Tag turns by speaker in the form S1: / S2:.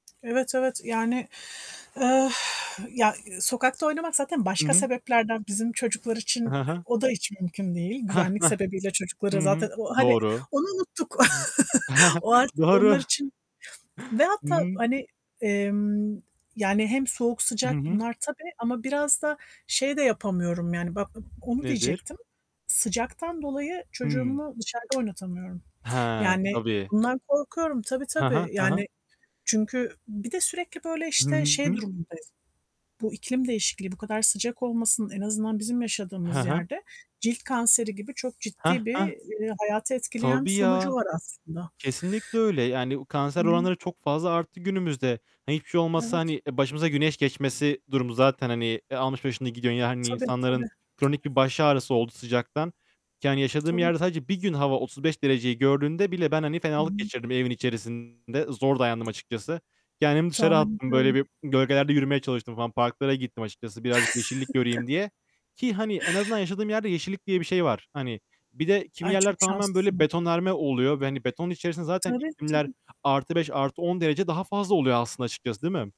S1: Evet, evet yani, eee, ya, ııı, sokakta oynamak zaten
S2: Hı
S1: başka
S2: hı.
S1: sebeplerden. Bizim çocuklar için,
S2: Ha
S1: eee,
S2: ha.
S1: o da hiç mümkün değil.
S2: Hah
S1: Güvenlik
S2: hah.
S1: sebebiyle çocukları
S2: Hı hı.
S1: zaten ı hani,
S2: Doğru.
S1: onu unuttuk. O artık
S2: Doğru.
S1: onlar için ve
S2: Hı
S1: hatta
S2: hı.
S1: hani, emm, yani, hem soğuk
S2: Hı
S1: sıcak
S2: hı.
S1: bunlar tabii ama biraz da şey de yapamıyorum yani bak a onu
S2: Nedir?
S1: diyecektim. Sıcaktan dolayı
S2: Hımm.
S1: çocuğumu dışarıda oynatamıyorum.
S2: He,
S1: Yani,
S2: tabii.
S1: bundan korkuyorum. Tabii
S2: Ha ha,
S1: tabii,
S2: ha ha.
S1: yani, çünkü bir de sürekli böyle
S2: Hı
S1: işte şey
S2: hı.
S1: durumundayım. Bu iklim değişikliği, bu kadar sıcak olmasının en azından bizim
S2: He
S1: yaşadığımız
S2: he.
S1: yerde cilt kanseri gibi çok
S2: Heh
S1: ciddi bir,
S2: heh.
S1: eee, hayatı etkileyen bir
S2: Tabii
S1: sonucu
S2: ya.
S1: var aslında.
S2: Kesinlikle öyle. Yani,
S1: Hı
S2: kanser
S1: hı.
S2: oranları çok fazla arttı günümüzde. Ha, hiçbir şey olmazsa,
S1: Evet.
S2: hani, e, başımıza güneş geçmesi durumu zaten, hani, e, almış başını gidiyor. Yani,
S1: Tabii, tabii, tabii.
S2: insanların kronik bir baş ağrısı oldu sıcaktan. Yani, yaşadığım
S1: Tabii.
S2: yerde sadece bir gün hava 35 dereceyi gördüğünde bile ben, hani,
S1: Hı
S2: fenalık
S1: hı.
S2: geçirdim evin içerisinde. Zor dayandım açıkçası. Kendimi dışarı
S1: Tahmin
S2: attım. Böyle
S1: ediyorum.
S2: bir gölgelerde yürümeye çalıştım falan. Parklara gittim açıkçası birazcık yeşillik göreyim diye ki, hani, en azından yaşadığım yerde yeşillik diye bir şey var. Hani, bir de kimi
S1: Ay,
S2: yerler
S1: çok
S2: tamamen böyle
S1: şanslısınız.
S2: betonarme oluyor ve, hani, betonun içerisinde zaten
S1: Tabii
S2: iklimler
S1: tabii.
S2: +5, +10 derece daha fazla oluyor aslında açıkçası, değil mi?